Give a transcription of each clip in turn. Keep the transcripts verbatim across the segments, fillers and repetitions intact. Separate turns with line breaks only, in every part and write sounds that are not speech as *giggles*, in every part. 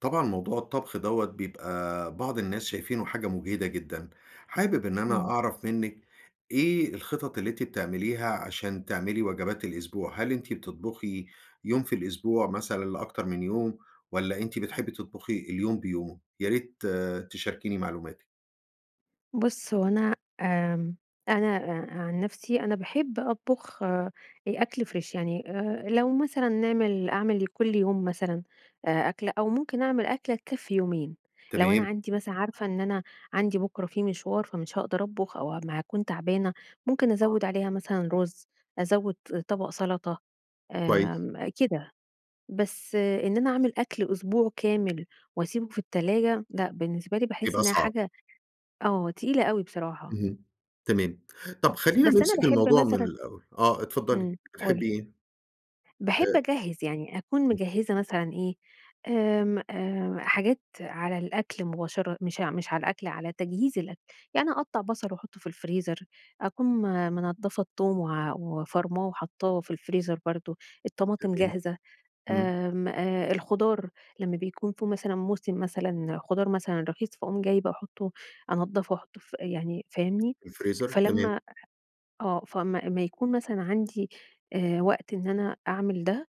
طبعًا موضوع الطبخ دوَّة بيبقى بعض الناس شايفينه حاجة مُجهدة جدًا، حابب إن أنا
إمم.
أعرف منِّك إيه الخطط اللي أنتِ بتعمليها عشان تعملي وجبات الأسبوع، هل أنتِ بتطبخي يوم في الأسبوع مثلًا لأكتر من يوم، والّا أنتِ بتحبي تطبخي اليوم بيومه؟ يا ريت تشاركيني معلوماتِك.
بُصّ، هو أنا آمم أنا آآ، عن نَفسي أنا باحب أطبخ آآ، أكْل Fresh يعني، آآ، لو مثلًا نعمل أعمل لكُلّ يوم مثلًا آآ أكلَة، أو ممكن أعمل أكلَة تكفي يومين، لو أنا
تمام.
عندي مثلًا عارفة إن أنا عندي بكرة في مشوار فمش هاقدر أطبخ أو ه ما أكون تعبانة، ممكن
آه.
أزوّد عليها مثلًا رز، أزوّد طبق سلطة،
كويس.
آمم، كده، بس إن أنا أعمل أكْل أسبوع كامل واسيبه في التلاجة لأ، بالنسبة لي باحس
بيبقى
إنها
صعب.
حاجة آه تقيلة أوي بصراحة.
اهم، تمام. طب خلّينا
بس أنا
نمسك
باحب
الموضوع من
مثلًا
الأول آه اتفضلي،
إمم قول
بتحبي إيه؟
باحب
آآ
أجهّز يعني أكون
*unintelligible*
مجهّزة مثلًا إيه، آمم، آآ، حاجات على الأكْل مباشر مش ع مش على الأكْل، على تجهيز الأكْل، يعني أقطّع بصل واحطه في الفريزر، أكون م منضفة التوم و وفارماه وحاطاه في الفريزر برضو، الطماطم
تمام،
جاهزة،
إمم.
آمم، آآ، الخضار لمّا بيكون في مثلًا موسم مثلًا خضار مثلًا رخيص، فاقوم جايبة احطّه أنضفه واحطّه ف يعني فاهمني؟
الفريزر؟ تمام.
فلمّا آه فاما اما يكون مثلًا عندي آآ، وقت إن أنا أعمل ده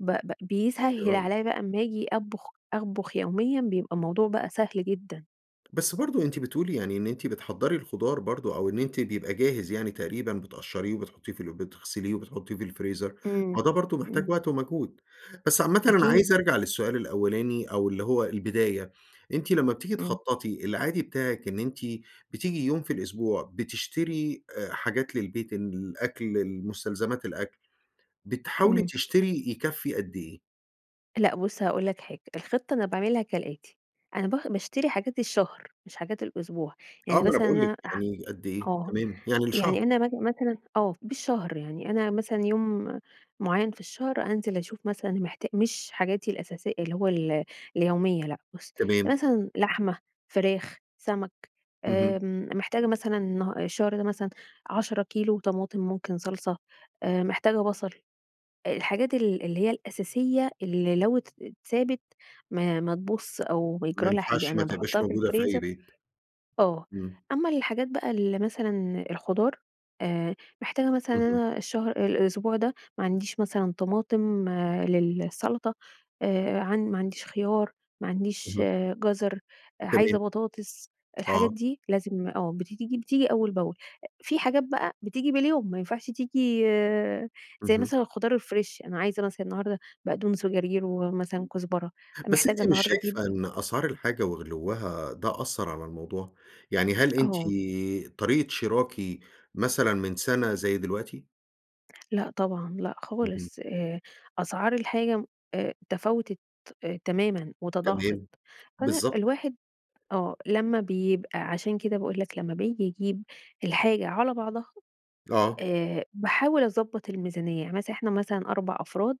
ب ب بيسهّل
*unintelligible*
عليَّ بقى امّا أجي أطبخ أطبخ يوميًا بيبقى الموضوع بقى سهل جدًا.
بس برضو أنتِ بتقولي يعني إن أنتِ بتحضّري الخضار برضو أو إن أنتِ بيبقى جاهز يعني تقريبًا بتقشريه وبتحطيه في ال بتغسليه وبتحطيه في الفريزر،
إمم،
ما ده برضو محتاج
إمم.
وقت ومجهود، بس عامةً أنا
أكيد.
عايز أرجع للسؤال الأولاني أو اللي هو البداية، أنتِ لمّا بتيجي
إمم.
تخططي، العادي بتاعك إن أنتِ بتيجي يوم في الأسبوع بتشتري آآ، حاجات للبيت، الأكْل، المستلزمات، الأكْل، بتحاولي
إمم.
تشتري يكَفّي قدّ إيه؟
لأ بُصّ هاقول لك حاجة، الخطة أنا باعملها كالآتي، أنا ب باشتري حاجات الشهر مش حاجات الأسبوع،
آه
يعني
ما أنا
مثلًا
بقول لِك
أنا ح
يعني قدّ إيه؟
آه،
تمام يعني لشهر.
يعني أنا مث مثلًا آه، بالشهر يعني، أنا مثلًا يوم معيّن في الشهر أنزل أشوف مثلًا محتا مش حاجاتي الأساسي اللي هو ال اليومية، لأ بُصّ
تمام.
مثلًا لحمة، فراخ، سمك،
اهم.
آمم، محتاجة مثلًا النها الشهر ده مثلًا عشرة كيلو طماطم ممكن صلصة، آآ، محتاجة بصل، آآ، الحاجات ال اللي هي الأساسية اللي لو ات اتسابت ما ما تبوظش أو
ما
بيجرى لها حاجة،
ينفعش
أنا
متبقاش
باحطها في
موجودة في أي
الفريزر
بيت.
آه،
إمم.
أمّا الحاجات بقى اللي مثلًا الخضار آآ، محتاجة مثلًا
اهم.
أنا الشهر الأسبوع ده ما عنديش مثلًا طماطم للسلطة، آآ، عن ما عنديش خيار، ما عنديش
اهم.
جزر،
تمام.
عايزة بطاطس، الحاجات
آه.
دي لازم آه بت تيجي بتيجي أول بأول، في حاجات بقى بتيجي باليوم ما ينفعش تيجي زي
اهم.
مثلًا الخضار الفريش، أنا عايزة مثلًا النهاردة بقدونس وجرجير ومثلًا كزبرة،
بس
محتاجة
أنتِ مش
النهاردة أجيب
شايفة إن أسعار الحاجة وغلوّها ده أثّر على الموضوع، يعني هل أنتِ
آه.
طريقة شراكِ مثلًا من سنة زي دلوقتي؟
لأ طبعًا، لأ
اهم.
خالص، آآ، أسعار الحاجة آآ، تفاوتت تمامًا وتضاعفت،
تمام،
أنا
بالضبط.
الواحد آه لمّا بيبقى عشان كده باقول لك لمّا بيجي يجيب الحاجة على بعضها
آه.
آآ، باحاول أضبّط الميزانية يعني مثلًا إحنا مثلًا أربع أفراد،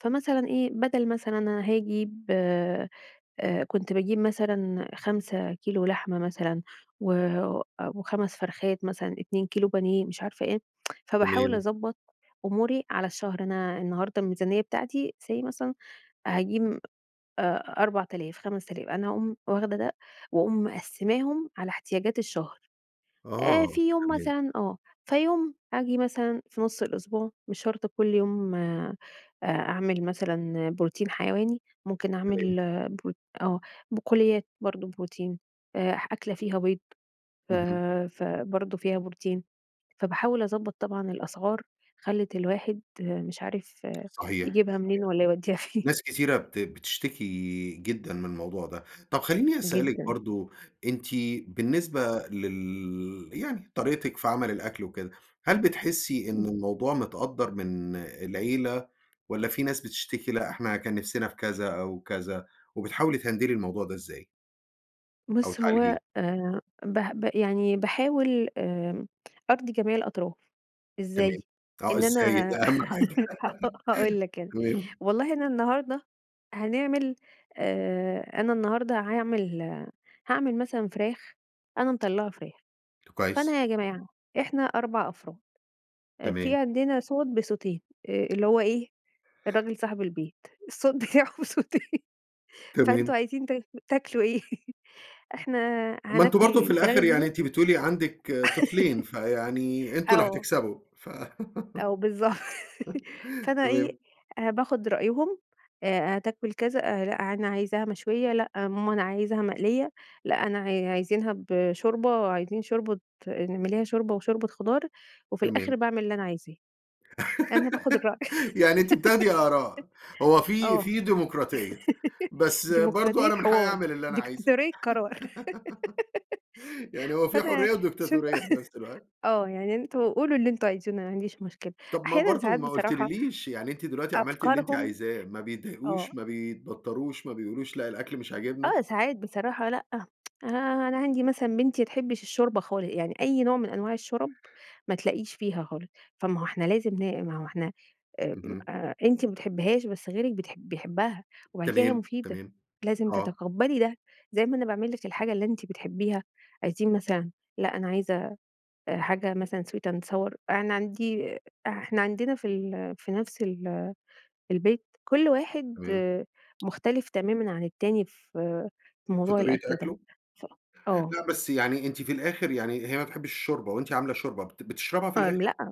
فمثلًا إيه بدل مثلًا أنا هاجيب آآ، كنت باجيب مثلًا خمسة كيلو لحمة مثلًا، و أ وخمس فرخات مثلًا، اتنين كيلو بانيه، مش عارفة إيه، *tsk* فباحاول
تمام.
أضبّط أموري على الشهر، أنا النهارده الميزانية بتاعتي say مثلًا هاجيب أربعتلاف خمستلاف أنا أقوم واخدة ده وأقوم مقسّماهم على احتياجات الشهر، آآ،
آه،
في يوم
تمام.
مثلًا آه، فيوم آجي مثلًا في نص الأسبوع مش شرط كل يوم آآ، أ أعمل مثلًا بروتين حيواني، ممكن
تمام.
أعمل ب آه بقوليات برضه بروتين آآ، أكلة فيها بيض ف
اهم.
فبرضه فيها بروتين، فباحاول أضبّط طبعًا الأسعار خلِّت الواحد مش عارف
صحيح،
يجيبها
صحيح
منين والّا يوديها فين. *chuckles*
ناس كتيرة بت بتشتكي جدًا من الموضوع ده، طَب خليني أسألِك
جدًا.
برضه أنتِ بالنسبة لل يعني طريقتك في عمل الأكل وكده، هل بتحسي إن
إمم.
الموضوع متقدّر من العيلة، والّا في ناس بتشتكي لأ إحنا كان نفسنا في كذا أو كذا، وبتحاولي تهندلي الموضوع ده إزاي؟ أو
بُص،
تعالجيه.
هو آآ به ب يعني باحاول آمم أرضي جميع الأطراف.
تمام.
إزاي؟
آه
إن
إزاي
أنا
ده أهم حاجة
*laughs* هاقول
*laughs*
لك أنا،
تمام.
والله أنا النهاردة هنعمل آآ، أنا النهاردة هاعمل هاعمل مثلًا فراخ، أنا مطلّعة فراخ. فأنا
كويس.
يا جماعة إحنا أربع أفراد، أ
تمام.
في عندنا صوت بصوتين، آآ اللي هو إيه؟ الراجل صاحب البيت. الصوت بتاعه بصوتين *laughs* فأنتم
تمام.
عايزين تاكل تاكلوا إيه؟ *chuckles* إحنا
ما أنتم
هناكل
برضه في
الفراخ
الآخر
دي
يعني
بس
أنتِ بتقولي عندِك
*laughs*
طفلين، فيعني أنتم اللي
آه.
هتكسبوا ف
آه بالضبط.
*laughs*
فأنا إيه،
تمام.
أ باخد رأيهم أ-أ هتاكل كذا أ لأ أنا عايزاها مشوية لأ ماما أنا عايزها مقلية. لأ أنا ع عايزنها بشوربة، عايزين شوربة اعمليها شوربة وشوربة خضار، وفي الآخر
تمام.
باعمل اللي أنا عايزاه. أنا باخد الرأي
*laughs* يعني أنتِ بتاخدي آراء. هو
*laughs*
في
آه.
في ديموقراطية.
*laughs*
بس برضه
ديموقراطية
أنا من حقّي
حوار.
أعمل اللي أنا عايزه.
ديكتاتورية قرار.
*giggles* يعني
*giggles*
هو في
فأنا
حُريّة
شوف
وديكتاتورية في نفس
*chuckles*
الوقت.
آه. يعني أنتم قولوا اللي أنتم عاوزينه ما عنديش مشكلة.
طب ما
أحيانًا
برضه
ساعات
ما
بصراحة
قُلتليليش يعني أنتِ دلوقتي عملتِ اللي أنتِ
أفكارهم
عايزاه ما بيتضايقوش،
آه.
ما بيتبطّروش، ما بيقولوش لأ الأكل مش عاجبنا؟
آه ساعات بصراحة لأ. *tsk* أنا أنا عندي مثلًا بنتي ما بتحبش الشوربة خالص. يعني أي نوع من أنواع الشورَب ما تلاقيش فيها خالص. فما هو إحنا لازم ن ما هو إحنا ام
اهم.
أ أنتِ ما بتحبّيهاش بس غيرِك بتح بيحبها. وبعد كده هي
تمام.
مفيدة،
تمام.
لازم
آه.
تتقبّلي ده زي ما أنا باعملِك الحاجة اللي أنتِ بتحبيها عايزين مثلًا لأ أنا عايزة أ حاجة مثلًا Sweet and Sour أنا عندي إحنا عندنا فال في نفس ال البيت، كل واحد
تمام.
مختلف تمامًا عن التاني في في
في
موضوع
طريقة
الأكل ده.
أكله؟
ف آه.
لأ بس يعني أنتِ في الآخر يعني هي ما بتحبّيش الشوربة وأنتِ عاملة شوربة بت بتشربها في
آمم
الآخر؟
لأ.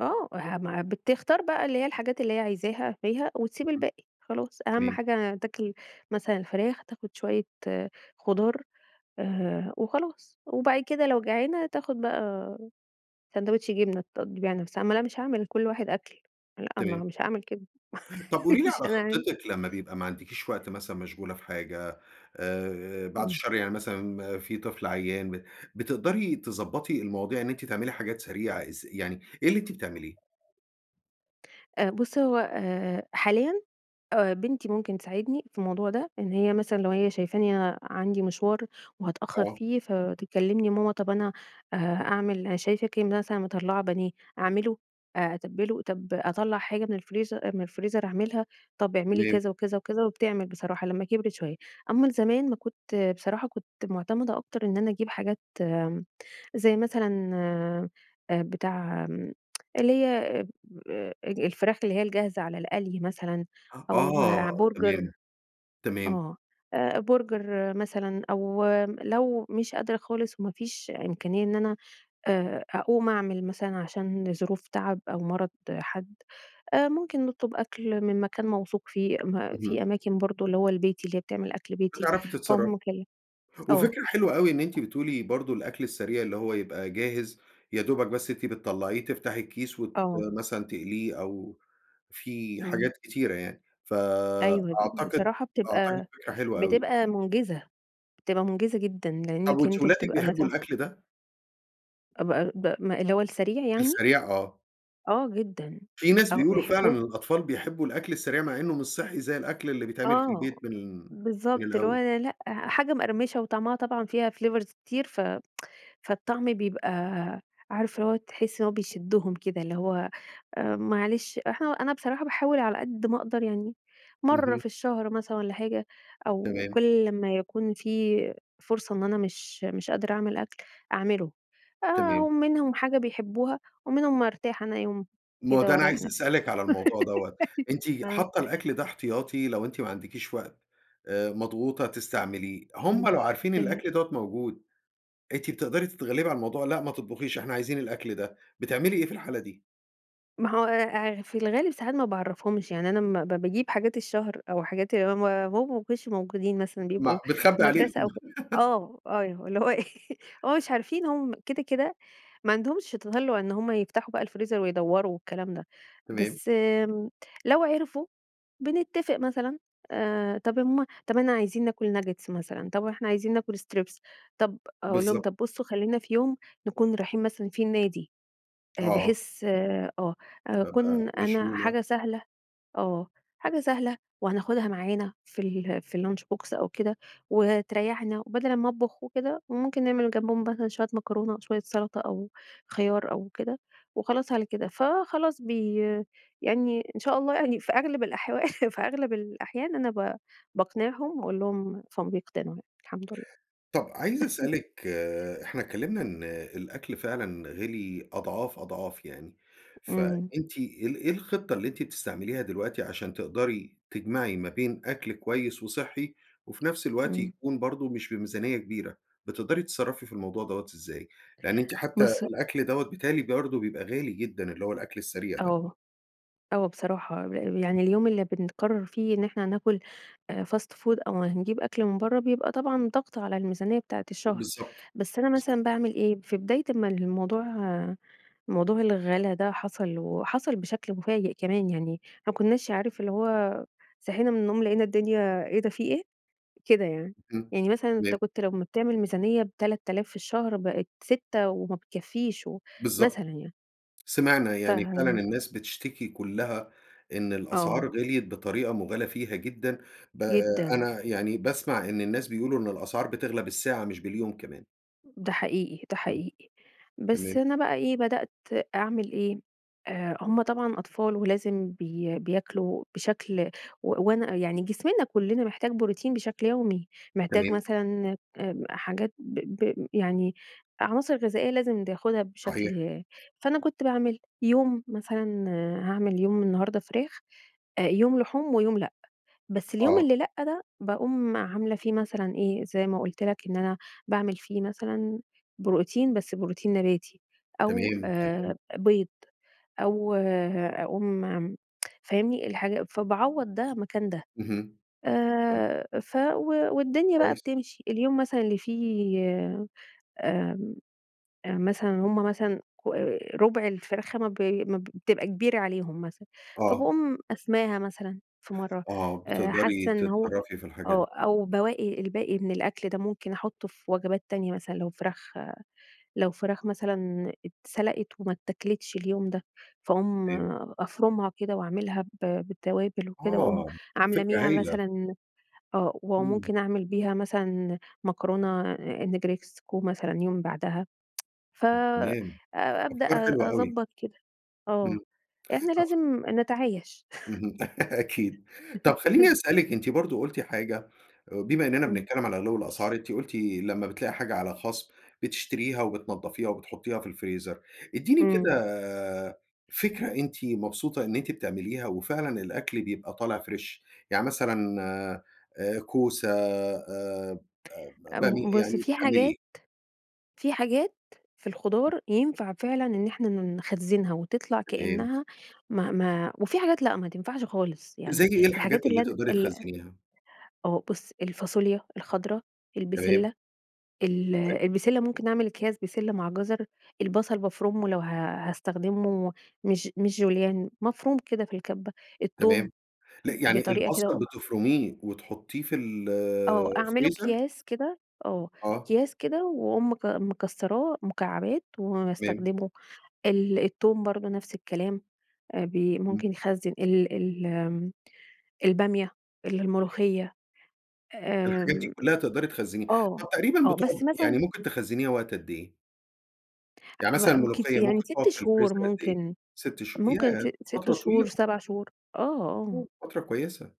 آه. ها ما بتختار بقى اللي هي الحاجات اللي هي عايزاها فيها وتسيب
اهم.
الباقي. خلاص أهم
تمام.
حاجة تاكل مثلًا الفراخ، تاخد شوية خضار آآ وخلاص. وبعد كده لو جعانه تاخد بقي ساندوتش جبنة تقضّي بيها نفسها. ما أنا مش هاعمل لكل واحد أكل. لأ ما
تمام.
مش هاعامل كده.
طب قولي
*chuckles*
لي
مش
على
هنعمل.
خطِّتِك لمّا بيبقى ما عندكيش وقت مثلًا مشغولة في حاجة، آآ بعد
إمم.
الشر يعني مثلًا في طفل عيّان ب بتقدري تضبّطي المواضيع إن أنتِ تعملي حاجات سريعة إز يعني إيه اللي أنتِ بتعمليه؟
أ بُص، هو آآ حاليًا أ بنتي ممكن تساعدني في الموضوع ده، إن هي مثلًا لو هي شايفاني أنا عندي مشوار وهتأخّر
آه.
فيه فتكلّمني: "ماما طب أنا أه أعمل أنا شايفاكِ مثلًا مطلّعة بانيه أعمله؟ أ أتبِّله؟ طب أطلّع حاجة من الفريزر أ من الفريزر أعملها؟" طب اعملي
تمام.
كذا وكذا وكذا وبتعمل بصراحة لمّا كِبرِت شوية. أمّا زمان ما كنت بصراحة كنت مُعتمدة أكتر إن أنا أجيب حاجات م زي مثلًا أ بتاع م *tsk* اللي هي اب أ اج الفراخ اللي هي الجاهزة على القلي مثلًا، أو
آه
ع برجر
تمام. تمام.
آه. أ برجر مثلًا أو م لو مش قادرة خالص وما فيش إمكانية إن أنا آآ أقوم أعمل مثلًا عشان ظروف تعب أو مرض حد، أ ممكن نطلب أكل من مكان موثوق فيه. ما في
اهم.
أماكن برضه اللي هو البيتي اللي هي بتعمل أكل بيتي.
بتعرفي تتصرّفي.
فأقوم مكل آه.
وفكرة حلوة أوي إن أنتِ بتقولي برضه الأكل السريع اللي هو يبقى جاهز يدوبك بس أنتِ بتطلّعيه تفتحي الكيس وت
آه.
مثلًا تقليه أو في
إمم.
حاجات كتيرة يعني.
أيوه د
فأعتقد،
بصراحة
أعتقد
بتبقى
فكرة حلوة أوي.
بتبقى مُنجِزة. بتبقى مُنجِزة جدًا
طب
لإنّك
وأنتِ
أنت
ولادِك
بتبقى
بيحبوا
مثلًا
الأكل ده؟
ب ب ما اللي هو السريع يعني؟
السريع آه.
آه جدًا،
في ناس
آه،
بيقولوا فعلًا
بيحبوه.
الأطفال بيحبّوا الأكل السريع، مع إنه مش صحّي زي الأكل اللي بيتعمل في
آه،
البيت من من
بالضبط اللي هو
الأول.
أنا لأ، حاجة مقرمشة وطعمها طبعًا فيها flavors كتير ف *tsk* فالطعم بيبقى عارف اللي هو تحس إنه بيشدّهم كده اللي هو آآ، معلش إحنا أنا بصراحة باحاول على قد ما أقدر يعني مرّة
اهم.
في الشهر مثلًا والَّا حاجة، أو
تمام.
كُلّ لمّا يكون في فرصة إن أنا مش مش قادرة أعمل أكل أعملُه. آآ، أهو
تمام.
منهم حاجة بيحبوها ومنهم أرتاح أنا يوم
ما هو
كده
ده أنا
وأريّح
عايز
نفسي
أسألِك على الموضوع دوّة،
*giggles*
أنتِ
أيوه، ها.
حاطة الأكل ده احتياطي لو أنتِ ما عندكيش وقت آآ، مضغوطة تستعمليه، هم
امم،
لو عارفين
أيوه.
الأكل دوَّة موجود، أنتِ بتقدري تتغلّبي على الموضوع، "لأ ما تطبخيش، إحنا عايزين الأكل ده." بتعملي إيه في الحالة دي؟
ما هو آآ، في الغالب ساعات ما باعرّفهمش، يعني أنا امّا ب باجيب حاجات الشهر أو حاجات اللي هم هم ما بيكونوش موجودين مثلًا
م
بيبقوا في
بتخبي عليهم.
المدرسة أو ف
*laughs*
آه، أيوه، اللي هو إيه *laughs* هم مش عارفين هم كده، كده ما عندهمش تَطلُّع إن هم يفتحوا بقى الفريزر ويدوّروا والكلام ده.
تمام.
بس امم، لو عرفوا بنتفق مثلًا آآ، "طَب يا ماما طَب إحنا عايزين ناكل ناجيتس مثلًا طَب إحنا عايزين ناكل strips طَب" أقول لهم:
بالضبط.
"طَب بصوا خلّينا في يوم نكون رايحين مثلًا فيه النادي." آآ،
آه.
بحيث آآ، آه
هابقى
أكون أنا
مشغولة.
حاجة سهلة آه، حاجة سهلة وهناخدها معانا في ال في الlunch box أو كده وتريّحنا وبدل امّا أطبخ وكده، وممكن نعمل جنبهم مثلًا شوية مكرونة، شوية سلطة، أو خيار أو كده وخلاص على كده. فخلاص بي يعني إن شاء الله يعني في أغلب الأحوا *chuckles* في أغلب الأحيان أنا ب باقنعهم وأقول لهم فبيقتنعوا يعني الحمد لله.
طَب عايز
*chuckles*
أسألِك آآ، إحنا اتكلمنا إن الأكل فعلًا غِلي أضعاف، أضعاف يعني،
إمم.
فأنتِ إيه ال إيه الخطّة اللي أنتِ بتستعمليها دلوقتي عشان تقدري تجمعي ما بين أكل كويس وصحّي، وفي نفس الوقت
إمم.
يكون برضه مش بميزانية كبيرة، بتقدري تتصرّفي في الموضوع دوَّة إزاي؟ لأن أنتِ حتى
بُصّ
الأكل دوَّة بيتهيألي برضه بيبقى غالي جدًا، اللي هو الأكل السريع ده.
آه، آه بصراحة، ل يعني اليوم اللي بنقرّر فيه إن إحنا ناكل آآ fast food أو هنجيب أكل من برّه بيبقى طبعًا ضغط على الميزانية بتاعة الشهر.
بالضبط،
بس أنا
بالضبط.
مثلًا باعمل إيه، في بداية أمّا الموضوع موضوع الغلا ده حصل وحصل بشكل مفاجئ كمان يعني، ما كناش عارف اللي هو صحينا من النوم لقينا الدنيا إيه ده في إيه! كده يعني،
إمم،
يعني مثلًا أنت
تمام.
كنت لمّا بتعمل ميزانية بتلات آلاف في الشهر بقت سِتّة وما بِتكفّيش و
بالضبط
مثلًا يعني.
سِمعنا
ف
يعني فعلًا الناس بتشتكي كلّها إن الأسعار
آه.
غِليت بطريقة مُبالغ فيها جدًا، ب آآ،
جدًا.
أنا يعني باسمع إن الناس بيقولوا إن الأسعار بتغلى بالساعة مش باليوم كمان.
ده حقيقي، ده
إمم.
حقيقي. بس
تمام.
أنا بقى إيه، بدأت أعمل إيه؟ آآ هم طبعًا أطفال ولازم بي بياكلوا بشكل و وأنا يعني جسمنا كُلّنا محتاج بروتين بشكل يومي. محتاج
تمام.
مثلًا آمم حاجات ب ب يعني عناصر غذائية لازم بياخدها
صحيح.
بشكل فأنا كنت باعمل يوم مثلًا هاعمل يوم النهارده فراخ، أ يوم لحوم ويوم لأ. بس اليوم
آه.
اللي لأ ده، باقوم عاملة فيه مثلًا إيه، زي ما قُلت لك إن أنا باعمل فيه مثلًا بروتين، بس بروتين نباتي أو
تمام،
آآ
تمام.
أ بيض أو أقوم عم *tsk* فاهمني. الحاجة فباعوّض ده مكان ده.
اهم. آه.
آآ ف و والدنيا بقى
كويس.
بتمشي. اليوم مثلًا اللي فيه آمم أ مثلًا هم مثلًا كو رُبع الفرخة ما ب ما بتبقى كبيرة عليهم مثلًا،
آه.
فباقوم قسماها مثلًا في مرّة
آه.
أ
بتقدري
حاسّة إن هو
تتصرّفي في الحاجات
آه.
دي.
أو بواقي الباقي من الأكل ده ممكن أحُطّه في وجبات تانية مثلًا لو فراخ لو فراخ مثلًا اتسلَقت وما اتّاكلتش اليوم ده، فاقوم
*unintelligible*
أفرُمها كده وأعملها ب بالتوابل وكده وأقوم
آه.
عاملة
فكرة
بيها
هايلة.
مثلًا آه.
إمم.
وممكن أعمل بيها مثلًا مكرونة النجرسكو مثلًا يوم بعدها *tsk* ف
ت
أ
تمام.
أبدأ
أفكار حلوة أوي.
أضبّط كده.
إمم،
آه. إحنا
أخ
لازم نتعايش.
اهم، *laughs* أكيد. طب خلّيني
*chuckles*
أسألِك أنتِ برضه قُلتِ حاجة بما إنّنا
إمم.
بنتكلّم على غِلِو الأسعار أنتِ قُلتِ لمّا بتلاقي حاجة عليها خصم، بتشتريها وبتنضّفيها وبتحطّيها في الفريزر. ادّيني
إمم.
كده فكرة أنتِ مبسوطة إن أنتِ بتعمليها وفعلًا الأكل بيبقى طالع فريش؟ يعني مثلًا آآ كوسة آآ ب بامي
آمم بُص،
يعني
في
بتعملي إيه؟
حاجات في حاجات في الخضار ينفع فعلًا إن إحنا ن نخزّنها وتطلع
تمام.
كإنّها ما ما وفي حاجات لأ ما تنفعش خالص.
زي
يعني
إيه الحاجات
الحاجات
اللي
اللي أنا
تقدري
ال أ
تخزنّيها؟
آه. بُص، الفاصوليا الخضرا،
تمام.
البِسِلَّة ال
حلو.
البِسِلَّة ممكن نعمل أكياس بسلة مع جزر، البصل بافرُمه لو ه هاستخدمه مش مش جوليان، مفروم كده في الكَبّة. التوم
تمام. لأ
ب
يعني
بطريقة كده
البصل
وأقوم
بتفرُميه وتحطّيه في ال
آه. أعمله
الفريزر؟
أكياس كده آه.
آه.
أكياس كده وأقوم مك مكسّراه مكعبات
تمام.
واستخدمه. ال التوم برضه نفس الكلام. أ بي
إمم.
ممكن يخزّن ال ال آمم البامية،
*unintelligible*
الملوخية.
الحاجات دي
آمم
كُلّها تقدري تخزّنيها.
آه.
طب تقريبًا
آه.
بتقعد
بس
يعني
مثلًا
ممكن تخزّنيها وقت قد إيه؟ يعني
ح
مثلًا
مأ كت
المُلوخيّة
يعني
ممكن تُقعد
سِتّ
في
شهور
الفريزر قد إيه؟
ممكن،
سِتّ شهو
ممكن
ياه!
سِ سِتّ
فترة طويلة!
شهور سَبَع شهور، آه، آه.
*unintelligible* فترة كويسة.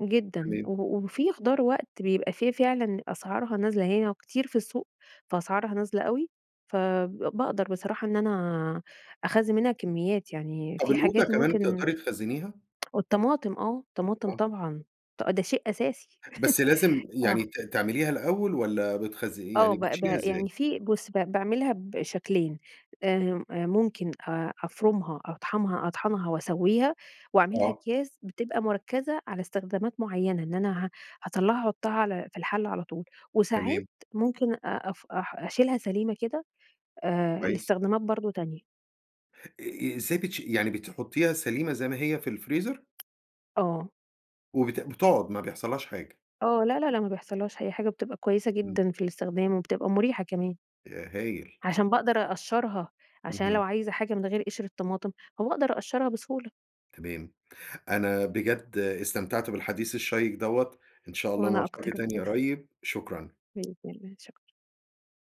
جدًا،
تمام.
و وفي خُضار وقت بيبقى في فعلًا أسعارها نازلة هي كتير في السوق، فأسعارها نازلة أوي، فب بأقدر بصراحة إن أنا أخزّن منها كمّيات، يعني
طب
في
القوطة
حاجات
كمان
ممكن
تقدري تخزنيها؟
*tsk* والطماطم آه، الطماطم
آه.
طبعًا، ط ده شيء أساسي،
بس لازم
*laughs* آه.
يعني ت تعمليها الأول، والَّا بتخزن
آه،
يعني
با
بتشيليها
با يعني
إزاي؟
في بُصّ با باعملها بشكلين، آمم، ممكن آآ، أفرُمها أطحمها أطحَنها وأسوّيها وأعملها
آه.
أكياس بتبقى مُركّزة على استخدامات مُعينة، إن أنا ه هاطَلّعها أحُطّها على في الحلّة على طول. وساعات
تمام.
ممكن أف أ أشيلها سليمة كده، آآ،
كويس.
لإستخدامات برضه تانية.
إ إزاي بتشي يعني بتحُطّيها سليمة زي ما هي في الفريزر؟
آه.
وبت بتقعد ما بيحصلّهاش حاجة.
آه، لا لا لأ ما بيحصلّهاش أي حاجة، بتبقى كويسة
إمم.
جدًا في الاستخدام، وبتبقى مُريحة كمان.
ياه! هايل.
عشان بأقدر أقشّرها، عشان أنا لو
اهم.
عايزة حاجة من غير قِشر الطماطم، فباقدر أقشّرها بسهولة.
تمام. أنا بجد استمتعت بالحديث الشيّق دوَّة، إن شاء الله
وأنا
نلتقي
أكتر. *unintelligible*
تاني
*chuckles*
قريب، شكرًا.
بإذن الله، شكرًا.